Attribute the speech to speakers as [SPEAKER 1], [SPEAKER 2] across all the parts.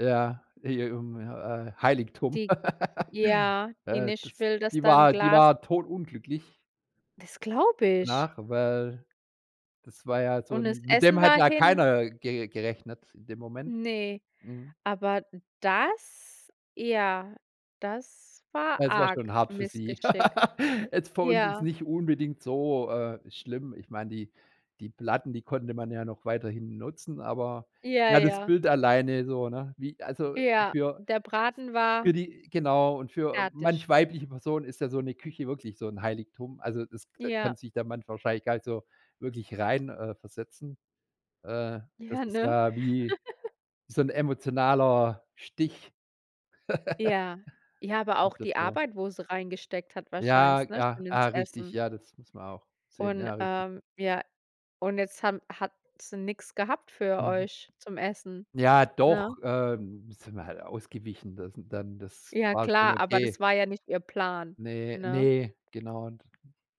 [SPEAKER 1] Ja, e i um äh, Heiligtum.
[SPEAKER 2] Die ja, die
[SPEAKER 1] Äh,
[SPEAKER 2] nicht
[SPEAKER 1] das
[SPEAKER 2] will, dass
[SPEAKER 1] die
[SPEAKER 2] da 'n
[SPEAKER 1] war die
[SPEAKER 2] Glas
[SPEAKER 1] war todunglücklich
[SPEAKER 2] Das glaube ich!
[SPEAKER 1] danach, weil, das war ja so
[SPEAKER 2] Und das
[SPEAKER 1] 'n mit dem
[SPEAKER 2] Essen
[SPEAKER 1] hat
[SPEAKER 2] war
[SPEAKER 1] ja
[SPEAKER 2] hin!
[SPEAKER 1] keiner ge gerechnet in dem Moment.
[SPEAKER 2] Ne.
[SPEAKER 1] Mhm.
[SPEAKER 2] Aber das ja, das war
[SPEAKER 1] Es war schon
[SPEAKER 2] arg
[SPEAKER 1] hart für sie.
[SPEAKER 2] Missgeschick.
[SPEAKER 1] Jetzt für uns jetzt
[SPEAKER 2] Ja.
[SPEAKER 1] nicht unbedingt so, äh, schlimm. Ich meine, die die Platten, die konnte man ja noch weiterhin nutzen, aber,
[SPEAKER 2] Ja,
[SPEAKER 1] ja, das
[SPEAKER 2] ja.
[SPEAKER 1] Bild alleine so, ne? Wie also
[SPEAKER 2] Ja,
[SPEAKER 1] für
[SPEAKER 2] der Braten
[SPEAKER 1] für
[SPEAKER 2] war
[SPEAKER 1] die genau. Und für a
[SPEAKER 2] fertig.
[SPEAKER 1] manch weibliche Person ist ja so 'ne Küche wirklich so 'n Heiligtum. Also, das da
[SPEAKER 2] Ja.
[SPEAKER 1] kann sich der Mann wahrscheinlich gar nicht so wirklich rein äh, versetzen. Äh, das
[SPEAKER 2] Ja,
[SPEAKER 1] ist
[SPEAKER 2] ne?
[SPEAKER 1] ja wie so 'n emotionaler Stich.
[SPEAKER 2] Ja. Ja, aber auch die
[SPEAKER 1] [unintelligible]
[SPEAKER 2] Arbeit, wo sie reingesteckt hat
[SPEAKER 1] Ja,
[SPEAKER 2] wahrscheinlich, ne?
[SPEAKER 1] ja,
[SPEAKER 2] Still ins
[SPEAKER 1] ah, richtig,
[SPEAKER 2] Essen.
[SPEAKER 1] ja, das muss man auch sehen,
[SPEAKER 2] Und,
[SPEAKER 1] ja, richtig.
[SPEAKER 2] ähm ja, und jetzt haben hat sie nix gehabt für
[SPEAKER 1] Mhm.
[SPEAKER 2] euch zum Essen,
[SPEAKER 1] Ja,
[SPEAKER 2] ne?
[SPEAKER 1] doch, ähm, sind wir halt ausgewichen, das n dann das
[SPEAKER 2] Ja,
[SPEAKER 1] war schon
[SPEAKER 2] klar, aber das
[SPEAKER 1] okay.
[SPEAKER 2] war ja nicht ihr Plan,
[SPEAKER 1] Ne,
[SPEAKER 2] ne?
[SPEAKER 1] ne, genau. D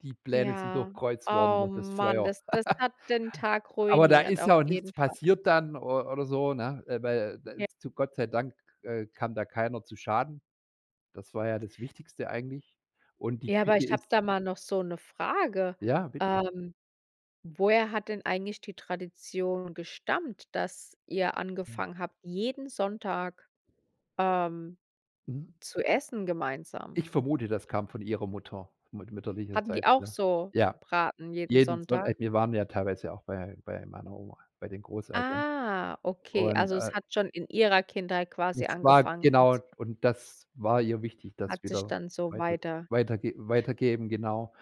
[SPEAKER 1] die Pläne sind
[SPEAKER 2] Ja,
[SPEAKER 1] durchkreuzt worden
[SPEAKER 2] oh
[SPEAKER 1] durch das
[SPEAKER 2] man,
[SPEAKER 1] Feuer.
[SPEAKER 2] das das hat den Tag
[SPEAKER 1] Aber da
[SPEAKER 2] ruiniert
[SPEAKER 1] ist
[SPEAKER 2] auf
[SPEAKER 1] ja auch nichts
[SPEAKER 2] jeden Fall.
[SPEAKER 1] passiert dann o oder so, ne? Äh, weil, äh, da
[SPEAKER 2] J
[SPEAKER 1] ist zu Gott sei Dank, äh, kam da keiner zu Schaden. Das war ja das Wichtigste eigentlich. Und die
[SPEAKER 2] Ja, aber
[SPEAKER 1] Küche
[SPEAKER 2] ich habe
[SPEAKER 1] ist
[SPEAKER 2] da mal noch so 'ne Frage:
[SPEAKER 1] Ja, richtig.
[SPEAKER 2] Ähm, woher hat denn eigentlich die Tradition gestammt, dass ihr
[SPEAKER 1] Hm.
[SPEAKER 2] angefangen habt, jeden Sonntag, ähm,
[SPEAKER 1] Mhm.
[SPEAKER 2] zu essen gemeinsam?
[SPEAKER 1] Ich vermute, das kam von ihrer Mutter, mut
[SPEAKER 2] Hatten die
[SPEAKER 1] mütterlicherseits,
[SPEAKER 2] auch
[SPEAKER 1] ja.
[SPEAKER 2] so
[SPEAKER 1] Ja!
[SPEAKER 2] Braten jeden
[SPEAKER 1] Jeden zw
[SPEAKER 2] Sonntag?
[SPEAKER 1] a wir waren ja teilweise auch bei bei meiner Oma, bei den Großeltern.
[SPEAKER 2] Ah, okay,
[SPEAKER 1] Und,
[SPEAKER 2] also
[SPEAKER 1] äh
[SPEAKER 2] es hat schon in ihrer Kindheit quasi
[SPEAKER 1] Nicht spa
[SPEAKER 2] angefangen und
[SPEAKER 1] genau,
[SPEAKER 2] es
[SPEAKER 1] und das war ihr wichtig, das
[SPEAKER 2] hat sich
[SPEAKER 1] wieder
[SPEAKER 2] dann so
[SPEAKER 1] weiter
[SPEAKER 2] weiter
[SPEAKER 1] weiterge weitergeben, genau.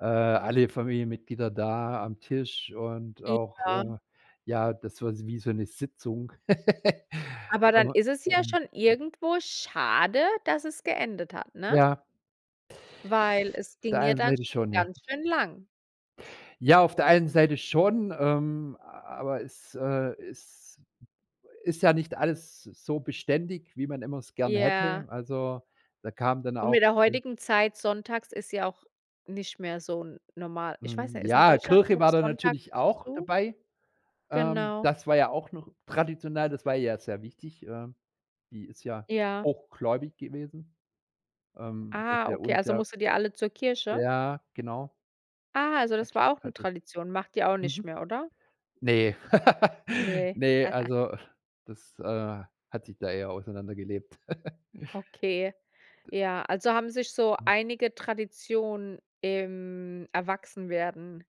[SPEAKER 1] Äh, alle Familienmitglieder da am Tisch und
[SPEAKER 2] I
[SPEAKER 1] auch,
[SPEAKER 2] ja.
[SPEAKER 1] äh, ja, das war so wie so 'ne Sitzung.
[SPEAKER 2] Aber dann
[SPEAKER 1] Aber
[SPEAKER 2] ist es ja
[SPEAKER 1] Hm.
[SPEAKER 2] schon irgendwo schade, dass es geendet hat, ne?
[SPEAKER 1] Ja.
[SPEAKER 2] Weil es
[SPEAKER 1] Auf der
[SPEAKER 2] ging ja
[SPEAKER 1] einen
[SPEAKER 2] dann
[SPEAKER 1] Seite
[SPEAKER 2] schon
[SPEAKER 1] schon, ja.
[SPEAKER 2] ganz schön lang.
[SPEAKER 1] Ja, auf der einen Seite schon, ähm, a aber es, äh, ist ist ja nicht alles so beständig, wie man immer es gern hätte.
[SPEAKER 2] Ja.
[SPEAKER 1] Also, da kam dann
[SPEAKER 2] Und
[SPEAKER 1] auch
[SPEAKER 2] mit der
[SPEAKER 1] [unintelligible]
[SPEAKER 2] heutigen Zeit sonntags ist ja auch nicht mehr so n normal. Ich weiß
[SPEAKER 1] Mhm,
[SPEAKER 2] nicht, ist in
[SPEAKER 1] ja,
[SPEAKER 2] Deutschland
[SPEAKER 1] Kirche
[SPEAKER 2] noch
[SPEAKER 1] war da
[SPEAKER 2] sonntags
[SPEAKER 1] natürlich auch
[SPEAKER 2] zu?
[SPEAKER 1] dabei. Ähm,
[SPEAKER 2] Genau.
[SPEAKER 1] das war ja auch noch traditionell. Das war ihr ja sehr wichtig, ähm. Die ist ja
[SPEAKER 2] Ja.
[SPEAKER 1] hochgläubig gewesen, ähm, dass
[SPEAKER 2] Ah,
[SPEAKER 1] der
[SPEAKER 2] okay,
[SPEAKER 1] uns
[SPEAKER 2] also
[SPEAKER 1] ja
[SPEAKER 2] musstet ihr alle zur Kirche?
[SPEAKER 1] Ja, genau.
[SPEAKER 2] Ah, also das
[SPEAKER 1] Hat
[SPEAKER 2] war auch 'ne
[SPEAKER 1] hattet.
[SPEAKER 2] Tradition? Macht ihr auch nicht
[SPEAKER 1] Mhm.
[SPEAKER 2] mehr, oder?
[SPEAKER 1] Ne.
[SPEAKER 2] Ne.
[SPEAKER 1] Ne, also das, äh, hat sich da eher auseinandergelebt.
[SPEAKER 2] Okay.
[SPEAKER 1] Das
[SPEAKER 2] Ja, also haben sich so
[SPEAKER 1] Hm.
[SPEAKER 2] einige Traditionen im Erwachsenwerden